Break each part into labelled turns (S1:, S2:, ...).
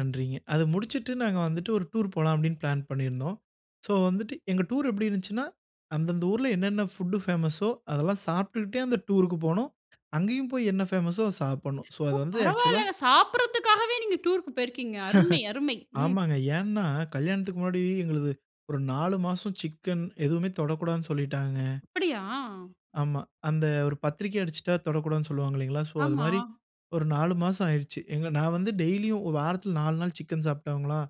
S1: நன்றிங்க! அத முடிச்சிட்டு, நாங்க வந்துட்டு ஒரு டூர் போலாம் அப்படினு பிளான் பண்ணியிருந்தோம். சோ வந்துட்டு, எங்க டூர் எப்டி இருந்துச்னா, அந்தந்த ஊர்ல என்னென்ன ஃபுட்டு பேமஸோ, அதெல்லாம் சாப்பிட்டுட்டே அந்த டூர்க்கு போணும். அங்கேயும் போய் என்ன பேமஸ்சோ அத சாப்பிடணும். சோ
S2: ஓ,
S1: அது வந்து ஆக்சுவல்லா
S2: பரவால்லங்க! சாப்டறதுக்காகவே நீங்க டூர்க்கு போயிருக்கீங்க. அருமை, அருமை! ம்.
S1: ஆமாங்க. ஏன்னா கல்யாணத்துக்கு முன்னாடி, எங்களுது ஒரு 4 மாசம் சிக்கன் எதுவுமே தொடக்கூடாதுனு சொல்லிட்டாங்க.
S2: அப்படியா?
S1: ஆமா. அந்த ஒரு பத்திரிக்கை அடிச்சுட்டா தொடக்கூடாதுன்னு சொல்லுவாங்க இல்லைங்களா? சோ அது
S2: ஆமா.
S1: மாரி, ஒரு 4 மாசம் ஆயிடிச்சு. நான் வந்து டெய்லியும் ஒரு வாரத்தில 4 நாள் சிக்கன் சாப்பிட்ருவங்களா,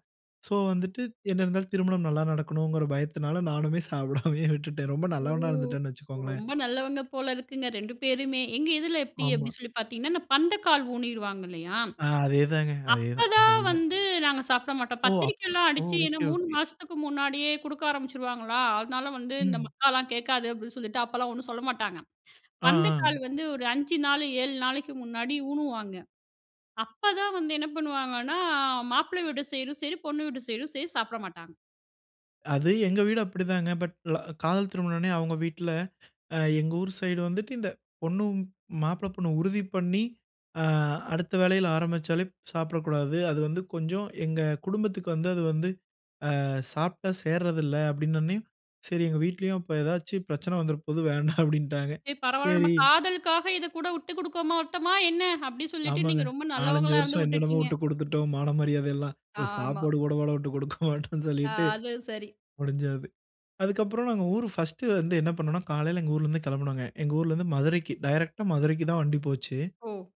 S1: சோ வந்துட்டு என்ன இருந்தாலும் திருமணம் நல்ல நடக்கணும்கிற பயத்தினால நானுமே சாப்டாமயே விட்டுட்டேன். ரொம்ப
S2: ஓ!
S1: நல்லவனா இருந்துட்டேன்னு வைச்சுக்கோங்களேன்.
S2: ரொம்ப நல்லவங்க போல இருக்குங்க, 2 பேருமே! எங்க இதுல எப்டி
S1: ஆமா.
S2: அப்டின்னு சொல்லி பார்த்தீங்கனா, பந்தக்கால் ஊணிருவாங்க இல்லையா?
S1: ஆ. அதே தாங்க. அதே தான்
S2: அப்பதான்
S1: அதே தான்.
S2: வந்து, நாங்க சாப்ட மாட்டோம்.
S1: ஓ! அப்
S2: பத்திரிக்கைலாம்
S1: ஓ!
S2: அடிச்சு, என்ன
S1: ஓகே,
S2: 3
S1: ஓகே.
S2: மாசத்துக்கு முன்னாடியே குடுக்க ஆரம்பிச்சுருவாங்களா அதனால வந்து, இந்த
S1: ம்.
S2: மக்காலாம் கேட்காது, அப்டி சொல்ட்டு, அப்பலாம் ஒண்ணும் சொல்ல மாட்டாங்க.
S1: அ, அ,
S2: பந்தகால் வந்து ஒரு 5 நாளு, 7 நாளைக்கு முன்னாடி ஊணுவாங்க. அப்பதான் வந்து, என்ன பண்ணுவாங்கன்னா மாப்பிளை வீடு சைடும் செரி, பொண்ணு வீட்டு சைடும் செரி சாப்பிட மாட்டாங்க.
S1: அது, எங்க வீடு அப்டிதாங்க. பட் ல காதல் திருமணம்னே அவங்க வீட்டில, எங்க ஊர் சைடு வந்துட்டு இந்த, பொண்ணும் மாப்பிளை பொண்ணு உறுதி பண்ணி அ அடுத்த வேளையில ஆரம்பிச்சாலே சாப்பிடக்கூடாது. அது வந்து கொஞ்சம், எங்க குடும்பத்துக்கு வந்து அது வந்து, அ சாப்பிட்டா சேர்றதுல்ல அப்டினவுடனே செரி எங்க வீட்லயும் இப்ப ஏதாச்சு பிரச்சனை வந்துர போது வேண்டாம் அப்படின்ட்டாங்க.
S2: சரி, பரவாயில்ல, நம்ம
S1: செரி.
S2: காதலுக்காக இதுக்கூட விட்டு குடுக்கமாட்டோமா என்ன? அப்டி சொல்லிட்டு
S1: ஆமாங்க.
S2: நீங்க ரொம்ப
S1: 4, 5
S2: நல்லவங்களா இருந்து
S1: வருஷம் என்னென்னமோ
S2: உட்டுட்டீங்க!
S1: விட்டுக் குடுத்துட்டோம். மான மரியாதை எல்லாம் ஒரு
S2: ஆமா.
S1: சாப்பாடு கூட வாடா விட்டுக் கொடுக்க மாட்டோம்ன்னு
S2: ஆ,
S1: சொல்லிட்டு
S2: அது சரி!
S1: முடிஞ்சது. அதுக்கு அப்பறம் நாங்க ஊர் ஃபர்ஸ்ட் வந்து என்ன பண்ணம்ணா, காலையில எங்க ஊரில இருந்து கிளம்பினோம்ங்க. எங்க ஊரில இருந்து மதுரைக்கு டைரக்டா மதுரைக்குத்தான் வண்டி போச்சு.
S2: ஓ!